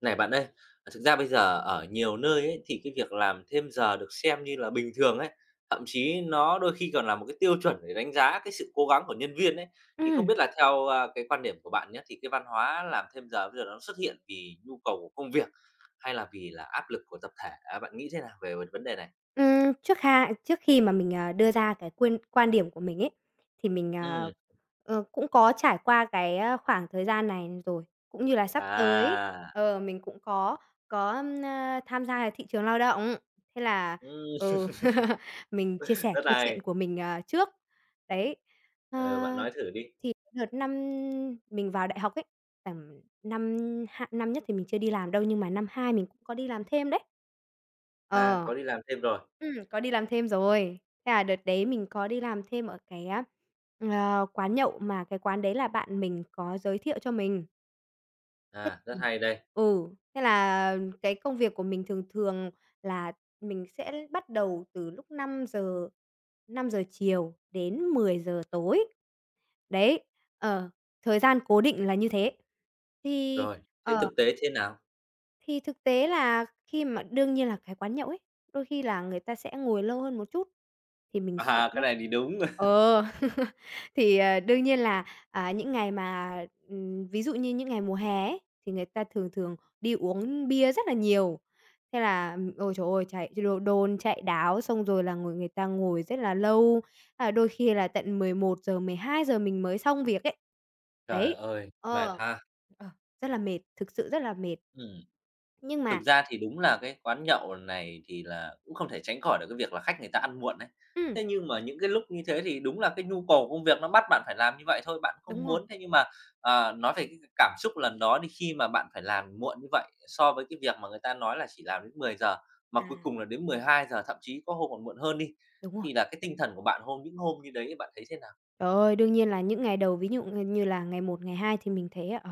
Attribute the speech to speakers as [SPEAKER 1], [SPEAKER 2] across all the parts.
[SPEAKER 1] Này bạn ơi, thực ra bây giờ ở nhiều nơi ấy, thì cái việc làm thêm giờ được xem như là bình thường ấy, thậm chí nó đôi khi còn là một cái tiêu chuẩn để đánh giá cái sự cố gắng của nhân viên ấy. Thì không
[SPEAKER 2] Ừm.
[SPEAKER 1] biết là theo, à, cái quan điểm của bạn nhá, thì cái văn hóa làm thêm giờ bây giờ nó xuất hiện vì nhu cầu của công việc, hay là vì áp lực của tập thể? Ờ, bạn nghĩ thế nào về về vấn đề này?
[SPEAKER 2] Ừm, trước ha trước khi mà mình, à, đưa ra cái quyên quan điểm của mình ấy, thì mình, ờ,
[SPEAKER 1] Ừm.
[SPEAKER 2] ờ, cũng có trải qua cái, ơ, khoảng thời gian này rồi, cũng như là sắp tới,
[SPEAKER 1] À.
[SPEAKER 2] ờ, mình cũng có có, ưm, a, tham gia cái thị trường lao động. Thế là,
[SPEAKER 1] Ừm.
[SPEAKER 2] ừ, mình chia sẻ
[SPEAKER 1] Rất
[SPEAKER 2] câu chuyện
[SPEAKER 1] hay.
[SPEAKER 2] của mình, à, trước. Đấy, ơ,
[SPEAKER 1] Ờ, bạn nói thử đi.
[SPEAKER 2] thì đợt năm mình vào đại học ấy, tầm năm 2 năm nhất thì mình chưa đi làm đâu nhưng mà năm 2 mình có đi làm thêm đấy.
[SPEAKER 1] À,
[SPEAKER 2] Ờ.
[SPEAKER 1] có đi làm thêm rồi.
[SPEAKER 2] Ừm, có đi làm thêm rồi. Thế là đợt đấy mình có đi làm thêm ở cái á, ờ, quán nhậu mà cái quán đấy là bạn mình có giới thiệu cho mình. Thế
[SPEAKER 1] À, rất
[SPEAKER 2] ừm.
[SPEAKER 1] hay đây.
[SPEAKER 2] Ừ, thế là cái công việc của mình thường thường là mình sẽ bắt đầu từ lúc 5:00, 5:00 chiều đến 10:00 tối. Đấy, ờ, thời gian cố định là như thế. Thì
[SPEAKER 1] Rồi, thế
[SPEAKER 2] ờ.
[SPEAKER 1] thực tế thế nào?
[SPEAKER 2] Thì thực tế là khi mà đương nhiên là cái quán nhậu ấy, đôi khi là người ta sẽ ngồi lâu hơn một chút thì mình
[SPEAKER 1] À
[SPEAKER 2] sẽ
[SPEAKER 1] hà, cái này thì đúng.
[SPEAKER 2] ờ, thì, ờ, đương nhiên là, à, những ngày mà ừm, ví dụ như những ngày mùa hè ấy thì người ta thường thường đi uống bia rất là nhiều. Thế là, ừm, ôi trời ơi, chạy ch đôn, chạy đáo, xong rồi là ngồi người ta ngồi rất là lâu, à, đôi khi là tận 11:00, 12:00 mình mới xong việc ấy.
[SPEAKER 1] Trời
[SPEAKER 2] Đấy,
[SPEAKER 1] ơi, mệt
[SPEAKER 2] ờ,
[SPEAKER 1] ha!
[SPEAKER 2] ờ, rất là mệt, thực sự rất là mệt.
[SPEAKER 1] Ừm.
[SPEAKER 2] Nhưng
[SPEAKER 1] Thực
[SPEAKER 2] mà
[SPEAKER 1] ra thì đúng là cái quán nhậu này thì là cũng không thể tránh khỏi được cái việc là khách người ta ăn muộn ấy.
[SPEAKER 2] Ừm.
[SPEAKER 1] Thế nhưng mà những cái lúc như thế thì đúng là cái nhu cầu công việc nó bắt bạn phải làm như vậy thôi, bạn
[SPEAKER 2] Đúng
[SPEAKER 1] không
[SPEAKER 2] rồi.
[SPEAKER 1] muốn thế nhưng mà à, nói về cái cảm xúc lần đó đi, khi mà bạn phải làm muộn như vậy, so với cái việc mà người ta nói là chỉ làm đến 10:00, mà cuối
[SPEAKER 2] À.
[SPEAKER 1] cùng là đến 12:00, thậm chí có hôm còn muộn hơn đi,
[SPEAKER 2] Đúng rồi.
[SPEAKER 1] thì là cái tinh thần của bạn hôm những hôm như đấy bạn thấy thế nào?
[SPEAKER 2] Trời ơi, đương nhiên là những ngày đầu, ví dụ ư như, như là ngày một, ngày hai thì mình thấy, ờ,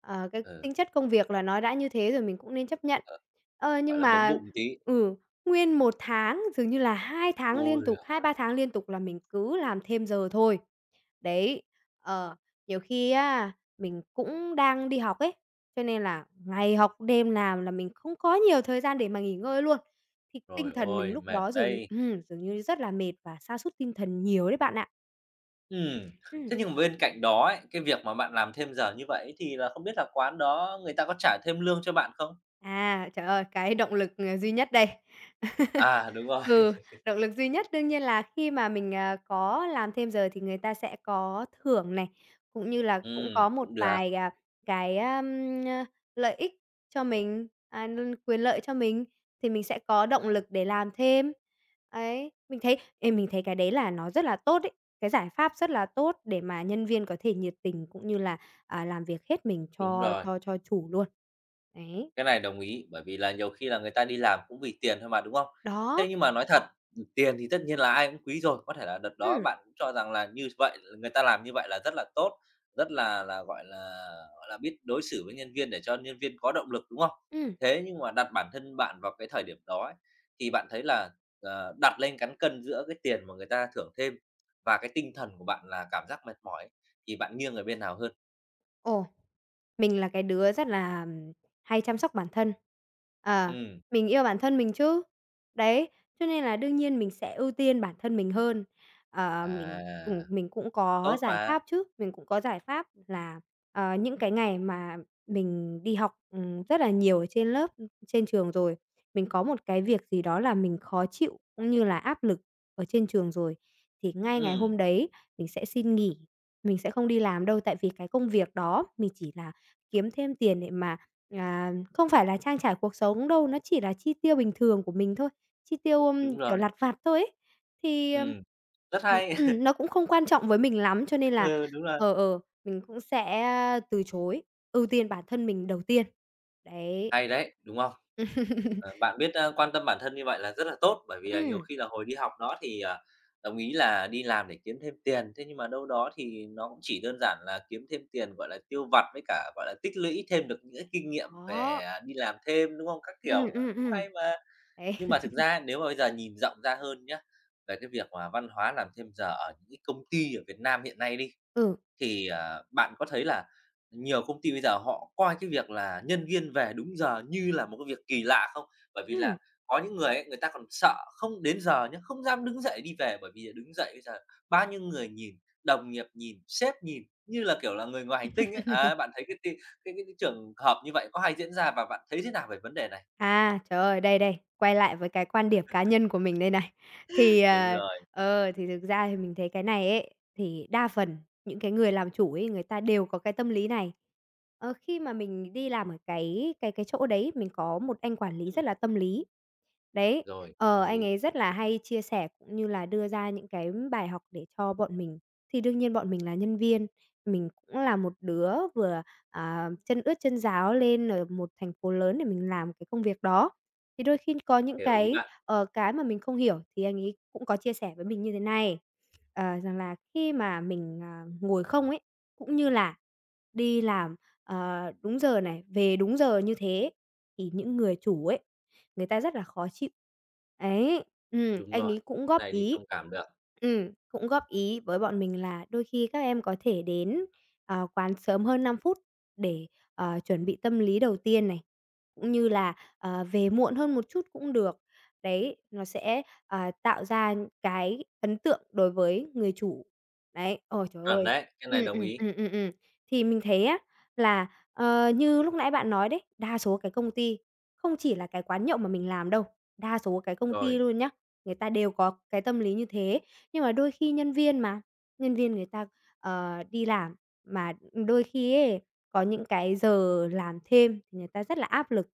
[SPEAKER 2] ờ, cái
[SPEAKER 1] Ờ.
[SPEAKER 2] tính chất công việc là nó đã như thế rồi mình cũng nên chấp nhận.
[SPEAKER 1] Ờ,
[SPEAKER 2] Ơ,
[SPEAKER 1] gọi
[SPEAKER 2] nhưng
[SPEAKER 1] là, bấm
[SPEAKER 2] mà
[SPEAKER 1] bụng tí.
[SPEAKER 2] ừ, nguyên 1 tháng, dường như là 2 tháng
[SPEAKER 1] Ôi
[SPEAKER 2] liên
[SPEAKER 1] giời
[SPEAKER 2] tục, 2-3
[SPEAKER 1] ơi!
[SPEAKER 2] tháng liên tục là mình cứ làm thêm giờ thôi. Đấy, ờ, nhiều khi á, mình cũng đang đi học ấy, cho nên là ngày học, đêm làm là mình không có nhiều thời gian để mà nghỉ ngơi luôn. Thì tinh
[SPEAKER 1] Trời
[SPEAKER 2] thần mình
[SPEAKER 1] ơi,
[SPEAKER 2] lúc
[SPEAKER 1] mệt
[SPEAKER 2] đó dường
[SPEAKER 1] đây!
[SPEAKER 2] ừm, dường như rất là mệt và sa sút tinh thần nhiều đấy bạn ạ.
[SPEAKER 1] Ừm,
[SPEAKER 2] Ừm.
[SPEAKER 1] thế nhưng mà bên cạnh đó ấy, cái việc mà bạn làm thêm giờ như vậy ấy thì là không biết là quán đó người ta có trả thêm lương cho bạn không?
[SPEAKER 2] À, trời ơi, cái động lực, ờ, duy nhất đây.
[SPEAKER 1] À, đúng rồi.
[SPEAKER 2] Ừ, động lực duy nhất đương nhiên là khi mà mình, ờ, có làm thêm giờ thì người ta sẽ có thưởng này, cũng như là cũng
[SPEAKER 1] Ừm,
[SPEAKER 2] có một
[SPEAKER 1] cũng được.
[SPEAKER 2] vài, à, cái ơm, a, lợi ích cho mình, à, n quyền lợi cho mình, thì mình sẽ có động
[SPEAKER 1] À.
[SPEAKER 2] lực để làm thêm. Ấy, mình thấy, ê, mình thấy cái đấy là nó rất là tốt ấy, cái giải pháp rất là tốt để mà nhân viên có thể nhiệt tình cũng như là, à, làm việc hết mình
[SPEAKER 1] Đúng
[SPEAKER 2] cho
[SPEAKER 1] rồi.
[SPEAKER 2] cho cho chủ luôn. Đấy.
[SPEAKER 1] Cái này đồng ý. Bởi vì là nhiều khi là người ta đi làm cũng vì tiền thôi mà, đúng không?
[SPEAKER 2] Đó.
[SPEAKER 1] Thế nhưng mà nói thật, ừm, tiền thì tất nhiên là ai cũng quý rồi, có thể là đợt đó
[SPEAKER 2] Ưm.
[SPEAKER 1] bạn cho rằng là như vậy, người ta làm như vậy là rất là tốt, rất là là gọi là, gọi là, biết đối xử với nhân viên để cho nhân viên có động lực, đúng không?
[SPEAKER 2] Ừm.
[SPEAKER 1] Thế nhưng mà đặt bản thân bạn vào cái thời điểm đó ấy, thì bạn thấy là, à, đặt lên cán cân giữa cái tiền mà người ta thưởng thêm và cái tinh thần của bạn là cảm giác mệt mỏi thì bạn nghiêng ở bên nào hơn?
[SPEAKER 2] Ồ, mình là cái đứa rất là, ừm, hay chăm sóc bản thân. Ờ,
[SPEAKER 1] Ừm.
[SPEAKER 2] mình yêu bản thân mình chứ. Đấy, cho nên là đương nhiên mình sẽ ưu tiên bản thân mình hơn. Ờ, mình,
[SPEAKER 1] À.
[SPEAKER 2] ừm, mình cũng có
[SPEAKER 1] Tốt
[SPEAKER 2] giải
[SPEAKER 1] mà.
[SPEAKER 2] pháp chứ, mình cũng có giải pháp là, ờ, những cái ngày mà mình đi học, ừm, rất là nhiều ở trên lớp, ừm, trên trường rồi, mình có một cái việc gì đó là mình khó chịu cũng như là áp lực ở trên trường rồi thì ngay ngày
[SPEAKER 1] Ừm.
[SPEAKER 2] hôm đấy mình sẽ xin nghỉ. Mình sẽ không đi làm đâu tại vì cái công việc đó mình chỉ là kiếm thêm tiền để mà à, không phải là trang trải cuộc sống đâu, nó chỉ là chi tiêu bình thường của mình thôi, chi tiêu, ưm,
[SPEAKER 1] Đúng
[SPEAKER 2] kiểu,
[SPEAKER 1] rồi.
[SPEAKER 2] lặt vặt thôi ấy. Thì, ờm,
[SPEAKER 1] Ừm. Rất
[SPEAKER 2] ừm,
[SPEAKER 1] hay.
[SPEAKER 2] ừm nó cũng không quan trọng với mình lắm cho nên là,
[SPEAKER 1] Ừ, đúng rồi.
[SPEAKER 2] ờ, ờ, mình cũng sẽ từ chối ưu tiên bản thân mình đầu tiên. Đấy.
[SPEAKER 1] Hay đấy, đúng không? Ờ, bạn biết, ơ, quan tâm bản thân như vậy là rất là tốt, bởi vì là nhiều
[SPEAKER 2] Ừm.
[SPEAKER 1] khi là hồi đi học nó thì, à, đồng ý là đi làm để kiếm thêm tiền, thế nhưng mà đâu đó thì nó cũng chỉ đơn giản là kiếm thêm tiền, gọi là, tiêu vặt với cả, gọi là, tích lũy thêm được những cái kinh nghiệm về,
[SPEAKER 2] Đó.
[SPEAKER 1] à, đi làm thêm, đúng hông? Các
[SPEAKER 2] Ừm,
[SPEAKER 1] kiểu, ờ,
[SPEAKER 2] ừm,
[SPEAKER 1] cũng
[SPEAKER 2] ừm.
[SPEAKER 1] hay mà!
[SPEAKER 2] Ấy.
[SPEAKER 1] Nhưng mà thực ra nếu mà bây giờ nhìn rộng ra hơn nhá, về cái việc mà văn hóa làm thêm giờ ở những cái công ty ở Việt Nam hiện nay đi,
[SPEAKER 2] Ừ.
[SPEAKER 1] thì, à, bạn có thấy là nhiều công ty bây giờ họ coi cái việc là nhân viên về đúng giờ như là một cái việc kỳ lạ không? Bởi vì
[SPEAKER 2] Ừm.
[SPEAKER 1] là có những người ấy người ta còn sợ không đến giờ nhá, không dám đứng dậy đi về, bởi vì là đứng dậy bây giờ bao nhiêu người nhìn, đồng nghiệp nhìn, sếp nhìn như là, kiểu là, người ngoài hành tinh ấy. Ờ, bạn thấy cái tin cái cái cái trường hợp như vậy có hay diễn ra và bạn thấy thế nào về vấn đề này?
[SPEAKER 2] À, trời ơi, đây, đây, quay lại với cái quan điểm cá nhân của mình đây này! Thì,
[SPEAKER 1] Đúng
[SPEAKER 2] ờ,
[SPEAKER 1] rồi.
[SPEAKER 2] ờ, thì thực ra thì mình thấy cái này ấy, thì đa phần những cái người làm chủ ấy, người ta đều có cái tâm lý này. Ờ, khi mà mình đi làm ở cái cái cái chỗ đấy, mình có một anh quản lý
[SPEAKER 1] Ừm.
[SPEAKER 2] rất là tâm lý. Đấy,
[SPEAKER 1] Rồi,
[SPEAKER 2] ờ,
[SPEAKER 1] tâm
[SPEAKER 2] anh
[SPEAKER 1] lý.
[SPEAKER 2] ấy rất là hay chia sẻ cũng như là đưa ra những cái bài học để cho bọn mình. Thì đương nhiên bọn mình là nhân viên, mình cũng là một đứa vừa, ờ, chân ướt chân ráo lên ở một thành phố lớn để mình làm cái công việc đó. Thì đôi khi có những
[SPEAKER 1] Hiểu ý
[SPEAKER 2] cái,
[SPEAKER 1] bạn.
[SPEAKER 2] ờ, cái mà mình không hiểu thì anh ấy cũng có chia sẻ với mình như thế này, ờ, rằng là khi mà mình, à, ngồi không ấy, cũng như là đi làm, ờ, đúng giờ này, về đúng giờ như thế thì những người chủ ấy, người ta rất là khó chịu. Ấy, ừm,
[SPEAKER 1] Đúng
[SPEAKER 2] anh
[SPEAKER 1] rồi,
[SPEAKER 2] ấy cũng
[SPEAKER 1] cái
[SPEAKER 2] góp
[SPEAKER 1] này thì
[SPEAKER 2] ý
[SPEAKER 1] thông cảm được.
[SPEAKER 2] ừm, cũng góp ý với bọn mình là đôi khi các em có thể đến, ờ, quán sớm hơn 5 phút để, ờ, chuẩn bị tâm lý đầu tiên này, cũng như là, ờ, về muộn hơn một chút cũng được. Đấy, nó sẽ, ờ, tạo ra cái ấn tượng đối với người chủ. Đấy, ôi, trời
[SPEAKER 1] Chuẩn
[SPEAKER 2] ơi!
[SPEAKER 1] đấy, cái này
[SPEAKER 2] Ừm,
[SPEAKER 1] đồng
[SPEAKER 2] ừm,
[SPEAKER 1] ý.
[SPEAKER 2] ừm, ừm, ừm. Thì mình thấy á là, ờ, như lúc nãy bạn nói đấy, đa số cái công ty không chỉ là cái quán nhậu mà mình làm đâu, đa số cái công ty
[SPEAKER 1] Rồi.
[SPEAKER 2] luôn nhé, người ta đều có cái tâm lý như thế, nhưng mà đôi khi nhân viên mà, nhân viên người ta, ờ, đi làm, mà đôi khi ấy có những cái giờ làm thêm, người ta rất là áp lực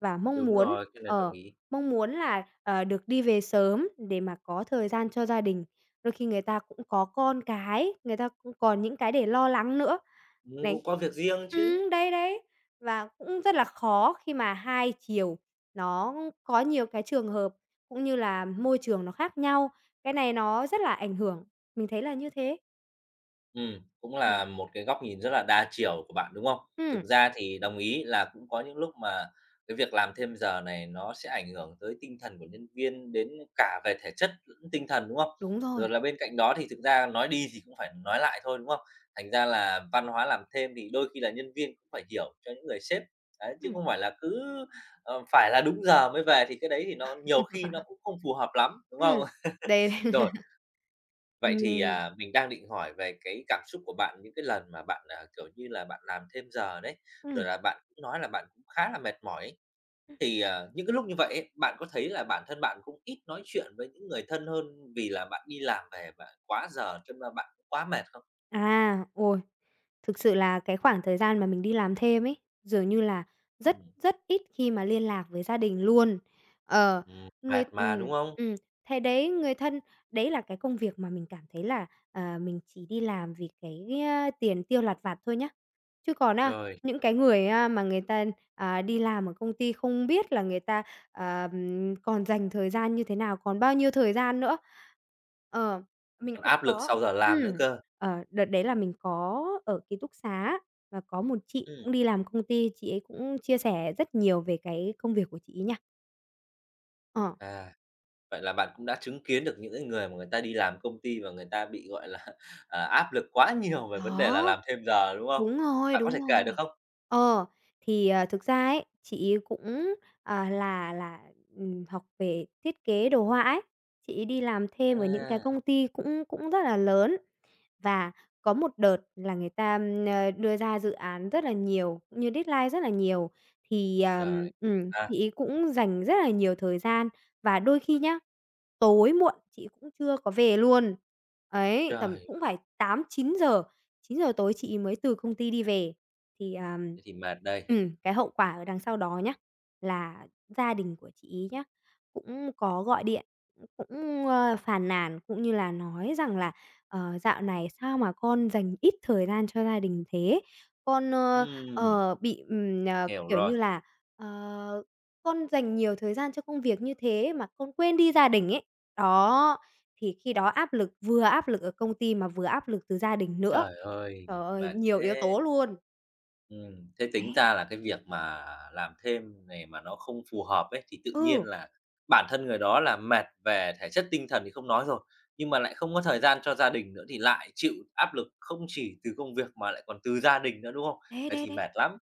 [SPEAKER 2] và mong
[SPEAKER 1] Đúng
[SPEAKER 2] muốn
[SPEAKER 1] rồi, cái này đồng
[SPEAKER 2] ờ,
[SPEAKER 1] ý.
[SPEAKER 2] mong muốn là, ờ, được đi về sớm để mà có thời gian cho gia đình. Đôi khi người ta cũng có con cái, người ta cũng còn những cái để lo lắng nữa.
[SPEAKER 1] Ừm,
[SPEAKER 2] Đấy,
[SPEAKER 1] cũng có việc riêng chứ!
[SPEAKER 2] ừm, đấy, đấy. Và cũng rất là khó khi mà hai chiều nó có nhiều cái trường hợp cũng như là môi trường nó khác nhau. Cái này nó rất là ảnh hưởng. Mình thấy là như thế.
[SPEAKER 1] Ừm, cũng
[SPEAKER 2] Ừm.
[SPEAKER 1] là một cái góc nhìn rất là đa chiều của bạn, đúng không? Thực
[SPEAKER 2] Ừm.
[SPEAKER 1] ra thì đồng ý, là cũng có những lúc mà cái việc làm thêm giờ này nó sẽ ảnh hưởng tới tinh thần của nhân viên, đến cả về thể chất, lẫn tinh thần, đúng không?
[SPEAKER 2] Đúng
[SPEAKER 1] Rồi
[SPEAKER 2] rồi.
[SPEAKER 1] là bên cạnh đó thì thực ra nói đi thì cũng phải nói lại thôi, đúng không? Thành ra là văn hóa làm thêm thì đôi khi là nhân viên cũng phải hiểu cho những người sếp. Đấy, chứ
[SPEAKER 2] Ừm.
[SPEAKER 1] không phải là cứ, ờ, phải là đúng giờ mới về thì cái đấy thì nó nhiều khi nó cũng không phù hợp lắm, đúng
[SPEAKER 2] Ừm,
[SPEAKER 1] không?
[SPEAKER 2] đây.
[SPEAKER 1] Rồi. Vậy thì,
[SPEAKER 2] Ừm.
[SPEAKER 1] à, mình đang định hỏi về cái cảm xúc của bạn những cái lần mà bạn, ờ, kiểu như là, bạn làm thêm giờ đấy, rồi
[SPEAKER 2] Ừm.
[SPEAKER 1] là bạn cũng nói là bạn cũng khá là mệt mỏi ấy.
[SPEAKER 2] Ừm.
[SPEAKER 1] Thì, ờ, những cái lúc như vậy ấy, bạn có thấy là bản thân bạn cũng ít nói chuyện với những người thân hơn vì là bạn đi làm về bạn quá giờ cho nên bạn quá mệt không?
[SPEAKER 2] À, ôi, thực sự là cái khoảng thời gian mà mình đi làm thêm ấy, dường như là rất,
[SPEAKER 1] Ừm.
[SPEAKER 2] rất ít khi mà liên lạc với gia đình luôn. Ờ,
[SPEAKER 1] Ừm,
[SPEAKER 2] người
[SPEAKER 1] mệt mà,
[SPEAKER 2] ừm,
[SPEAKER 1] đúng không?
[SPEAKER 2] ừm, thế đấy, người thân đấy là cái công việc mà mình cảm thấy là, ờ, mình chỉ đi làm vì cái, á, tiền tiêu lặt vặt thôi nhá. Chứ còn á,
[SPEAKER 1] Rồi.
[SPEAKER 2] những cái người á mà người ta, à, đi làm ở công ty không biết là người ta, ờm, còn dành thời gian như thế nào, còn bao nhiêu thời gian nữa. Ờ, mình
[SPEAKER 1] Còn
[SPEAKER 2] cũng
[SPEAKER 1] áp lực
[SPEAKER 2] có.
[SPEAKER 1] sau giờ làm nữa
[SPEAKER 2] Ừm,
[SPEAKER 1] cơ.
[SPEAKER 2] ờ, đợt đấy là mình có ở ký túc xá và có một chị
[SPEAKER 1] Ừm.
[SPEAKER 2] cũng đi làm công ty, chị ấy cũng chia sẻ rất nhiều về cái công việc của chị ấy nha. Ờ.
[SPEAKER 1] À. Vậy là bạn cũng đã chứng kiến được những cái người mà người ta đi làm công ty và người ta bị, gọi là, à, áp lực quá nhiều về vấn đề
[SPEAKER 2] Đó,
[SPEAKER 1] là làm thêm giờ, đúng không?
[SPEAKER 2] đúng rồi,
[SPEAKER 1] Bạn có thể
[SPEAKER 2] đúng
[SPEAKER 1] kể được
[SPEAKER 2] rồi.
[SPEAKER 1] không?
[SPEAKER 2] Ờ, thì, à, thực ra ấy, chị ấy cũng, ờ, là là, ừm, học về thiết kế đồ họa ấy, chị ấy đi làm thêm ở những cái
[SPEAKER 1] À!
[SPEAKER 2] công ty cũng cũng rất là lớn và có một đợt là, ờm, người ta đưa ra dự án rất là nhiều, cũng như deadline rất là nhiều. Thì ờm,
[SPEAKER 1] Rồi,
[SPEAKER 2] ừm,
[SPEAKER 1] à.
[SPEAKER 2] chị ấy cũng dành rất là nhiều thời gian và đôi khi nhá, tối muộn chị ấy cũng chưa có về luôn. Ấy, tầm
[SPEAKER 1] Trời!
[SPEAKER 2] cũng phải 8:00-9:00, 9:00 tối chị ấy mới từ công ty đi về. Thì, à,
[SPEAKER 1] Thế thì mệt đây.
[SPEAKER 2] ừm, cái hậu quả ở đằng sau đó nhá, là gia đình của chị ấy nhá, cũng có gọi điện cũng, ờ, phàn nàn cũng như là nói rằng là "Ờ, dạo này sao mà con dành ít thời gian cho gia đình thế, con, ờ,
[SPEAKER 1] Ừm.
[SPEAKER 2] ờ, bị, ừm, ờ,
[SPEAKER 1] Hiểu
[SPEAKER 2] kiểu
[SPEAKER 1] rồi.
[SPEAKER 2] như là, ờ, con dành nhiều thời gian cho công việc như thế mà con quên đi gia đình ấy." Đó, thì khi đó áp lực vừa áp lực ở công ty, mà vừa áp lực từ gia đình nữa.
[SPEAKER 1] Trời ơi,
[SPEAKER 2] Trời ơi,
[SPEAKER 1] mệt
[SPEAKER 2] nhiều yếu
[SPEAKER 1] thế!
[SPEAKER 2] tố luôn.
[SPEAKER 1] Ừm, thế tính
[SPEAKER 2] Đấy.
[SPEAKER 1] ra là cái việc mà làm thêm này mà nó không phù hợp ấy, thì tự nhiên
[SPEAKER 2] Ừ.
[SPEAKER 1] là bản thân người đó là mệt về thể chất tinh thần thì không nói rồi, nhưng mà lại không có thời gian cho gia đình nữa, thì lại chịu áp lực không chỉ từ công việc mà lại còn từ gia đình nữa, đúng không?
[SPEAKER 2] Đấy,
[SPEAKER 1] Vậy
[SPEAKER 2] đấy,
[SPEAKER 1] thì
[SPEAKER 2] đấy.
[SPEAKER 1] mệt lắm.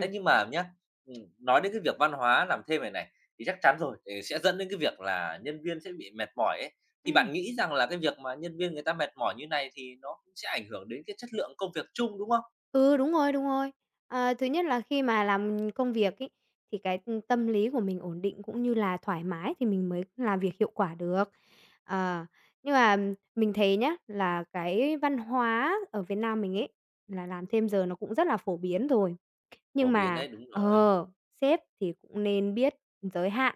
[SPEAKER 1] Thế nhưng mà nhá, ừm, nói đến cái việc văn hóa làm thêm này này, thì chắc chắn rồi, thì sẽ dẫn đến cái việc là nhân viên sẽ bị mệt mỏi ấy, thì
[SPEAKER 2] Ừm.
[SPEAKER 1] bạn nghĩ rằng là cái việc mà nhân viên người ta mệt mỏi như này thì nó cũng sẽ ảnh hưởng đến cái chất lượng công việc chung, đúng không?
[SPEAKER 2] Ừ, đúng rồi, đúng rồi. Ờ, thứ nhất là khi mà làm công việc ấy, thì cái, ừm, tâm lý của mình ổn định cũng như là thoải mái, thì mình mới làm việc hiệu quả được. Ờ, nhưng mà mình thấy nhá, là cái văn hóa ở Việt Nam mình ấy là làm thêm giờ nó cũng rất là phổ biến rồi. Nhưng
[SPEAKER 1] Phổ biển
[SPEAKER 2] mà,
[SPEAKER 1] đấy, đúng rồi.
[SPEAKER 2] ờ, sếp thì cũng nên biết giới hạn.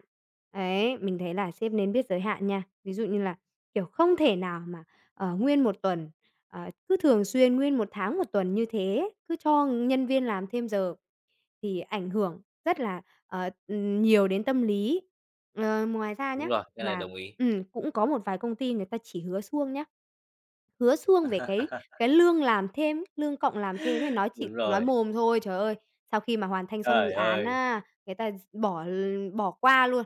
[SPEAKER 2] Ấy, mình thấy là sếp nên biết giới hạn nha. Ví dụ như là, kiểu, không thể nào mà, ờ, nguyên 1 tuần, ờ, cứ thường xuyên nguyên 1 tháng 1 tuần như thế, cứ cho nhân viên làm thêm giờ thì ảnh hưởng rất là, ờ, ừm, nhiều đến tâm lý. Ờ, ngoài ra nhá
[SPEAKER 1] Đúng rồi, cái này
[SPEAKER 2] mà
[SPEAKER 1] đồng ý.
[SPEAKER 2] ừm, cũng có một vài công ty người ta chỉ hứa suông nhá, hứa suông về cái cái lương làm thêm, lương cộng làm thêm ấy, nói chỉ
[SPEAKER 1] Đúng
[SPEAKER 2] nói
[SPEAKER 1] rồi.
[SPEAKER 2] mồm thôi. Trời ơi, sau khi mà hoàn thành xong dự
[SPEAKER 1] Trời
[SPEAKER 2] án
[SPEAKER 1] ơi!
[SPEAKER 2] á, người ta bỏ l bỏ qua luôn.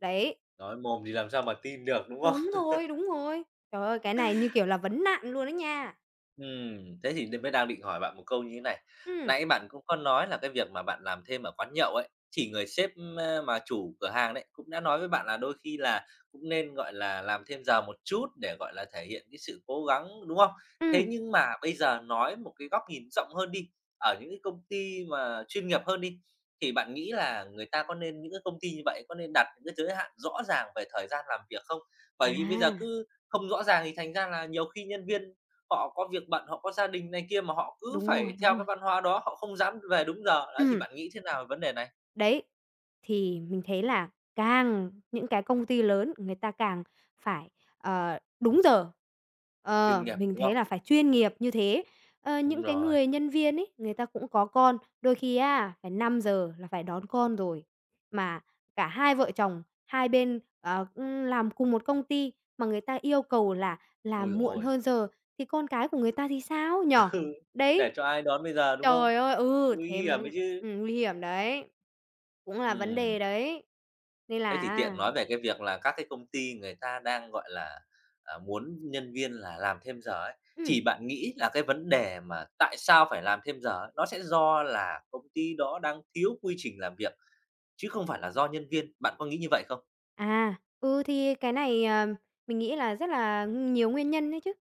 [SPEAKER 2] Đấy.
[SPEAKER 1] Nói mồm thì làm sao mà tin được, đúng không?
[SPEAKER 2] Đúng rồi, đúng rồi. Trời ơi, cái này như, kiểu, là vấn nạn luôn á nha.
[SPEAKER 1] Ừm, thế thì nên mới đang định hỏi bạn một câu như thế này.
[SPEAKER 2] Ừm.
[SPEAKER 1] Nãy bạn cũng có nói là cái việc mà bạn làm thêm ở quán nhậu ấy, thì người sếp, a, mà chủ cửa hàng đấy cũng đã nói với bạn là đôi khi là cũng nên, gọi là, làm thêm giờ một chút để, gọi là, thể hiện cái sự cố gắng, đúng không? Thế
[SPEAKER 2] Ừm.
[SPEAKER 1] nhưng mà bây giờ nói một cái góc nhìn rộng hơn đi, ở những cái công ty mà chuyên nghiệp hơn đi, thì bạn nghĩ là người ta có nên những cái công ty như vậy, có nên đặt những cái giới hạn rõ ràng về thời gian làm việc không? Bởi vì bây giờ
[SPEAKER 2] À.
[SPEAKER 1] cứ không rõ ràng thì thành ra là nhiều khi nhân viên họ có việc bận, họ có gia đình này kia mà họ cứ
[SPEAKER 2] Đúng
[SPEAKER 1] phải
[SPEAKER 2] rồi, đúng
[SPEAKER 1] theo
[SPEAKER 2] rồi.
[SPEAKER 1] cái văn hóa đó, họ không dám về đúng giờ, đấy thì
[SPEAKER 2] Ừm.
[SPEAKER 1] bạn nghĩ thế nào vấn đề này?
[SPEAKER 2] Đấy, thì mình thấy là càng những cái công ty lớn người ta càng phải, ờ, đúng giờ,
[SPEAKER 1] Chuyên
[SPEAKER 2] ờ,
[SPEAKER 1] nghiệp,
[SPEAKER 2] mình
[SPEAKER 1] đúng
[SPEAKER 2] thấy
[SPEAKER 1] không?
[SPEAKER 2] là phải chuyên nghiệp như thế. Ơ,
[SPEAKER 1] Đúng
[SPEAKER 2] những cái
[SPEAKER 1] rồi.
[SPEAKER 2] người nhân viên ấy, người ta cũng có con, đôi khi á, phải 5:00 là phải đón con rồi, mà cả hai vợ chồng hai bên, ờ, cũng làm cùng một công ty mà người ta yêu cầu là
[SPEAKER 1] Úi
[SPEAKER 2] làm
[SPEAKER 1] dồi
[SPEAKER 2] muộn
[SPEAKER 1] ôi.
[SPEAKER 2] hơn giờ, thì con cái của người ta thì sao, nhỉ?
[SPEAKER 1] Ừ, để
[SPEAKER 2] Đấy.
[SPEAKER 1] cho ai đón bây giờ, đúng không?
[SPEAKER 2] Trời ơi, ừ,
[SPEAKER 1] Nguy
[SPEAKER 2] thế
[SPEAKER 1] hiểm
[SPEAKER 2] mới
[SPEAKER 1] đấy chứ.
[SPEAKER 2] ừm, nguy hiểm đấy, cũng là vấn đề
[SPEAKER 1] Ừm.
[SPEAKER 2] đấy, nên
[SPEAKER 1] Thế
[SPEAKER 2] là
[SPEAKER 1] thì tiện
[SPEAKER 2] á
[SPEAKER 1] nói về cái việc là các cái công ty người ta đang, gọi là, à, muốn nhân viên là làm thêm giờ ấy.
[SPEAKER 2] Ừm.
[SPEAKER 1] Thì bạn nghĩ là cái vấn đề mà tại sao phải làm thêm giờ nó sẽ do là công ty đó đang thiếu quy trình làm việc, chứ không phải là do nhân viên, bạn có nghĩ như vậy không?
[SPEAKER 2] À, ừ, thì cái này, ờm, mình nghĩ là rất là nh nhiều nguyên nhân ấy chứ.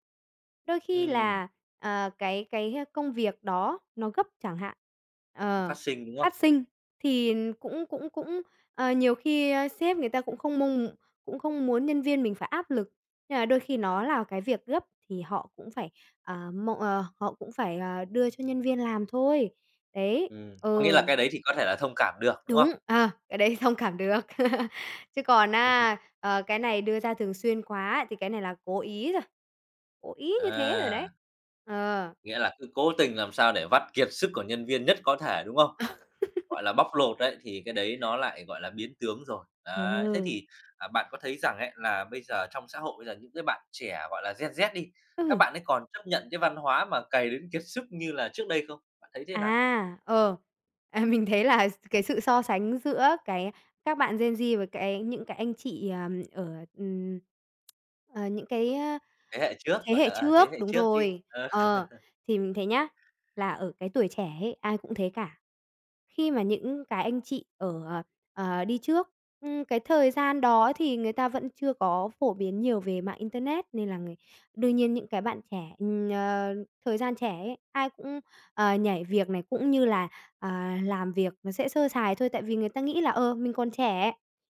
[SPEAKER 2] Đôi khi
[SPEAKER 1] Ừm.
[SPEAKER 2] là, ờ, cái cái công việc đó nó gấp chẳng hạn,
[SPEAKER 1] Nó
[SPEAKER 2] ờ,
[SPEAKER 1] phát sinh, đúng
[SPEAKER 2] phát
[SPEAKER 1] không?
[SPEAKER 2] sinh, thì cũng cũng cũng, ờ, nhiều khi, ờ, sếp người ta cũng không mong m cũng không muốn nhân viên mình phải áp lực. Nhưng mà đôi khi nó là cái việc gấp, thì họ cũng phải, ờ, mọ ờ, họ cũng phải, ờ, đưa cho nhân viên làm thôi. Đấy,
[SPEAKER 1] Ừm, có nghĩa
[SPEAKER 2] ừ.
[SPEAKER 1] là cái đấy thì có thể là thông cảm được, đúng không?
[SPEAKER 2] Đúng. À, cái đấy thông cảm được. Chứ còn, á, ờ, cái này đưa ra thường xuyên quá, thì cái này là cố ý rồi. Cố ý như thế rồi đấy.
[SPEAKER 1] À!
[SPEAKER 2] Ờ.
[SPEAKER 1] Nghĩa là cứ cố tình làm sao để vắt kiệt sức của nhân viên nhất có thể, đúng không? Gọi là bóc lột ấy thì cái đấy nó lại, gọi là, biến tướng rồi. Đấy, thế
[SPEAKER 2] Ừ.
[SPEAKER 1] thì, à, bạn có thấy rằng ấy là bây giờ trong xã hội bây giờ những cái bạn trẻ gọi là gen Z đi, các
[SPEAKER 2] Ừ.
[SPEAKER 1] bạn ấy còn chấp nhận cái văn hóa mà cày đến kiệt sức như là trước đây không? Bạn thấy thế nào?
[SPEAKER 2] À, ờ, ờ, mình thấy là cái sự so sánh giữa, cái, các bạn gen Z với cái những cái anh chị, ờm, ở, ừm, ờ, những cái, á,
[SPEAKER 1] Thế hệ
[SPEAKER 2] à,
[SPEAKER 1] trước,
[SPEAKER 2] thế
[SPEAKER 1] gọi
[SPEAKER 2] hệ
[SPEAKER 1] là, à, ở
[SPEAKER 2] trước,
[SPEAKER 1] thế hệ
[SPEAKER 2] đúng
[SPEAKER 1] trước đi.
[SPEAKER 2] rồi.
[SPEAKER 1] Ờ.
[SPEAKER 2] Ờ, thì mình thấy nhá, là ở cái tuổi trẻ ấy ai cũng thế cả. Khi mà những cái anh chị ở, ờ, ờ, đi trước, ừm, cái thời gian đó thì người ta vẫn chưa có phổ biến nhiều về mạng internet, nên là người đương nhiên những cái bạn trẻ, ừm, ờ, thời gian trẻ ấy, ai cũng, ờ, nhảy việc này cũng như là, à, làm việc nó sẽ sơ sài thôi. Tại vì người ta nghĩ là, ờ, mình còn trẻ,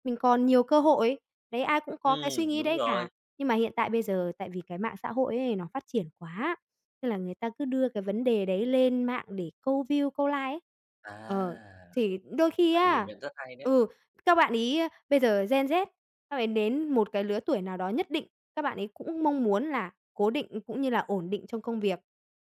[SPEAKER 2] mình còn nhiều cơ hội. Đấy, ai cũng có cái suy
[SPEAKER 1] Ừm,
[SPEAKER 2] nghĩ
[SPEAKER 1] đúng
[SPEAKER 2] đấy cả.
[SPEAKER 1] rồi.
[SPEAKER 2] Nhưng mà hiện tại bây giờ tại vì cái mạng xã hội ấy nó phát triển quá, nên là người ta cứ đưa cái vấn đề đấy lên mạng để câu view, câu like ấy.
[SPEAKER 1] À,
[SPEAKER 2] Ờ, thì đôi khi
[SPEAKER 1] bạn nhìn
[SPEAKER 2] á
[SPEAKER 1] nhận rất hay đấy!
[SPEAKER 2] ừ, các bạn ấy bây giờ gen Z, các bạn ấy đến một cái lứa tuổi nào đó nhất định, các bạn ấy cũng mong muốn là cố định cũng như là ổn định trong công việc.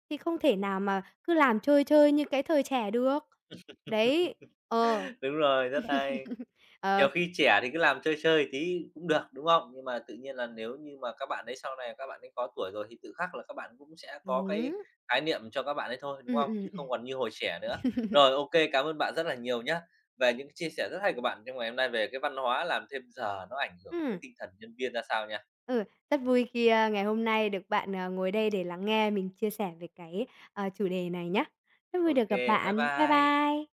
[SPEAKER 2] Thì không thể nào mà cứ làm chơi chơi như cái thời trẻ được. Đấy, ờ.
[SPEAKER 1] Đúng rồi, rất hay.
[SPEAKER 2] Ờ.
[SPEAKER 1] Nhiều khi trẻ thì cứ làm chơi chơi tí cũng được, đúng không? Nhưng mà tự nhiên là nếu như mà các bạn ấy sau này các bạn ấy có tuổi rồi, thì tự khắc là các bạn cũng sẽ có cái
[SPEAKER 2] Đúng.
[SPEAKER 1] khái niệm cho các bạn ấy thôi, đúng
[SPEAKER 2] Ừm,
[SPEAKER 1] không?
[SPEAKER 2] ừm,
[SPEAKER 1] Chứ
[SPEAKER 2] ừm.
[SPEAKER 1] không còn như hồi trẻ nữa. Rồi, ô kê, cám ơn bạn rất là nhiều nhá. Về những cái chia sẻ rất hay của bạn trong ngày hôm nay về cái văn hóa làm thêm giờ nó ảnh hưởng tới
[SPEAKER 2] Ừm.
[SPEAKER 1] tinh thần nhân viên ra sao nha.
[SPEAKER 2] Ừ, rất vui khi, ờ, ngày hôm nay được bạn, ờ, ngồi đây để lắng nghe mình chia sẻ về cái, à, chủ đề này nhá. Rất
[SPEAKER 1] Ô
[SPEAKER 2] vui được gặp
[SPEAKER 1] kê, bye
[SPEAKER 2] bạn. Bye
[SPEAKER 1] bye.
[SPEAKER 2] bye.